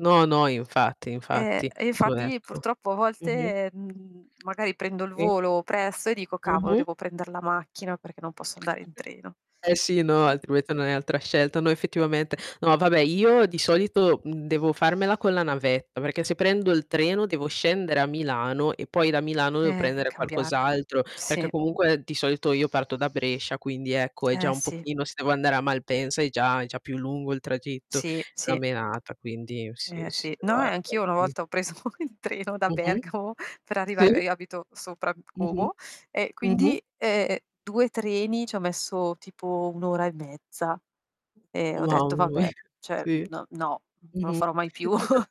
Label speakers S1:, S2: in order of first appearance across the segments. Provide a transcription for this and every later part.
S1: No, no, infatti,
S2: Eh,
S1: infatti.
S2: infatti
S1: [unintelligible]
S2: purtroppo a
S1: Mh-mh.
S2: volte, mhmm, magari prendo il
S1: Sì.
S2: volo presto e dico: "Cavolo,
S1: Mh-mh.
S2: devo prender la macchina perché non posso andare in treno".
S1: Eh sì, no
S2: Eh.
S1: altrimenti non hai altra scelta. No, effettivamente. No vabbè io di solito devo farmela con la navetta, perché se prendo il treno devo scendere a Milano e poi da Milano devo
S2: Eh,
S1: prendere
S2: cambiare.
S1: qualcos'altro, perché
S2: Sì.
S1: comunque di solito io parto da Brescia, quindi ecco è già
S2: Eh,
S1: un
S2: sì.
S1: pochino se devo andare a Malpensa è già è già più lungo il tragitto,
S2: Sì,
S1: una
S2: sì.
S1: menata, quindi sì,
S2: Eh,
S1: sì
S2: sì. No, eh,
S1: guarda,
S2: anch'io una
S1: mh.
S2: volta ho preso il treno da
S1: Mh mh.
S2: Bergamo per
S1: Sì.
S2: arrivare io abito sopra
S1: Mh-mh.
S2: Como e
S1: Mh-mh.
S2: quindi, ehm, 2 treni ci ho messo tipo 1 ora e mezza e ho detto: "Vabbè,
S1: [unintelligible]
S2: cioè n
S1: sì.
S2: no, non lo
S1: Mh-mh.
S2: farò mai più".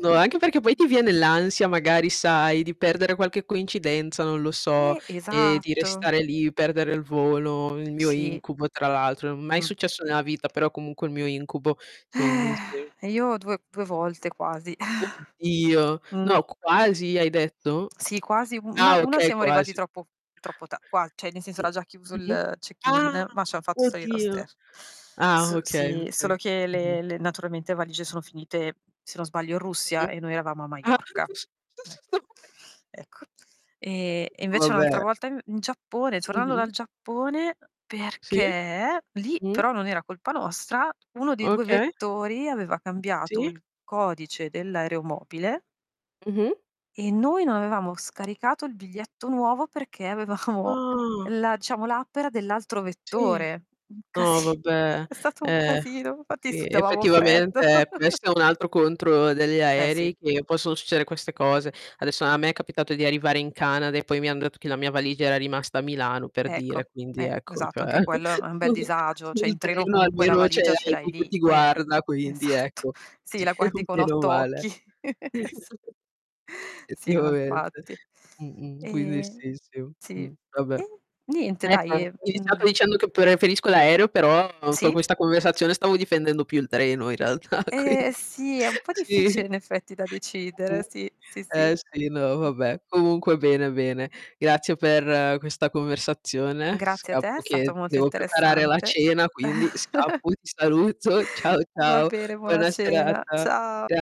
S1: No, anche perché poi ti viene l'ansia, magari, sai di perdere qualche coincidenza, non lo so,
S2: Eh,
S1: e di
S2: esatto.
S1: restare lì, perdere il volo, il mio
S2: Sì.
S1: incubo, tra l'altro. Mai
S2: Mh.
S1: successo nella vita, però comunque è il mio incubo, quindi sì.
S2: Io 2, 2 volte quasi.
S1: Oddio,
S2: Mh.
S1: no, quasi hai detto?
S2: Sì, quasi una
S1: Ah
S2: una
S1: okay,
S2: siamo arrivati
S1: quasi.
S2: troppo troppo ta qua cioè nel senso
S1: Mh,
S2: era già chiuso
S1: mh-mh.
S2: il
S1: Ah,
S2: check-in, ma ci han fatto salire lo
S1: oddio.
S2: stes
S1: Ah
S2: s
S1: okay,
S2: sì,
S1: okay.
S2: solo che
S1: Mh-mh.
S2: le le naturalmente valigie sono finite, se non sbaglio, in Russia
S1: Mh-mh.
S2: e noi eravamo a
S1: Ah,
S2: Maiorca. Ecco. Ecco. E e
S1: [unintelligible]
S2: invece
S1: Vabbè.
S2: un'altra volta in in Giappone, tornando
S1: Mh-mh.
S2: dal Giappone,
S1: Sì.
S2: perché lì
S1: Mh.
S2: però non era colpa nostra, 1 dei 2
S1: Okay.
S2: vettori aveva cambiato
S1: Sì.
S2: il codice dell'aeromobile
S1: Mh-mh.
S2: e noi non avevamo scaricato il biglietto nuovo perché avevamo
S1: Ah.
S2: la diciamo l'app era dell'altro
S1: Sì.
S2: vettore. Un
S1: No,
S2: casi
S1: vabbè,
S2: è stato un
S1: eh.
S2: casino, infatti
S1: Sì
S2: sudavamo freddo.
S1: effettivamente
S2: Eh s
S1: questo è un altro contro degli
S2: Eh, sì.
S1: aerei, che possono succedere queste cose. Adesso a me è capitato di arrivare in Canada e poi mi han detto che la mia valigia era rimasta a Milano per
S2: Ecco,
S1: dire, quindi
S2: eh,
S1: ecco,
S2: esatto, anche
S1: cioè
S2: quello è è un bel disagio. Cioè
S1: sul
S2: in treno
S1: treno
S2: comunque la
S1: almeno c'è
S2: valigia ce l'hai
S1: [unintelligible] che
S2: lì.
S1: ti
S2: Eh,
S1: guarda, quindi
S2: esatto.
S1: ecco.
S2: Sì,
S1: Sì,
S2: la guardi con
S1: meno
S2: 8
S1: male.
S2: occhi. Sì, no,
S1: Effettivamente.
S2: infatti.
S1: Mh-mh, quindi
S2: E
S1: sì, sì.
S2: sì.
S1: Mh, vabbè.
S2: E niente,
S1: Ecco,
S2: dai,
S1: ho
S2: e
S1: iniziato
S2: mhmm.
S1: dicendo che preferisco l'aereo, però con
S2: Sì?
S1: questa conversazione stavo difendendo più il treno in realtà, quindi
S2: Eh, sì, è un po'
S1: sì.
S2: difficile in effetti da decidere.
S1: Mh-mh.
S2: Sì, sì, sì.
S1: Eh sì, no, vabbè. Comunque bene, bene. Grazie per questa conversazione.
S2: Grazie a te, è
S1: Scappo che
S2: stato molto
S1: devo preparare la
S2: interessante.
S1: cena, quindi scappo. Ti saluto. Ciao,
S2: Va
S1: ciao.
S2: bene, buona
S1: Buona
S2: cena.
S1: serata.
S2: Ciao.
S1: Cia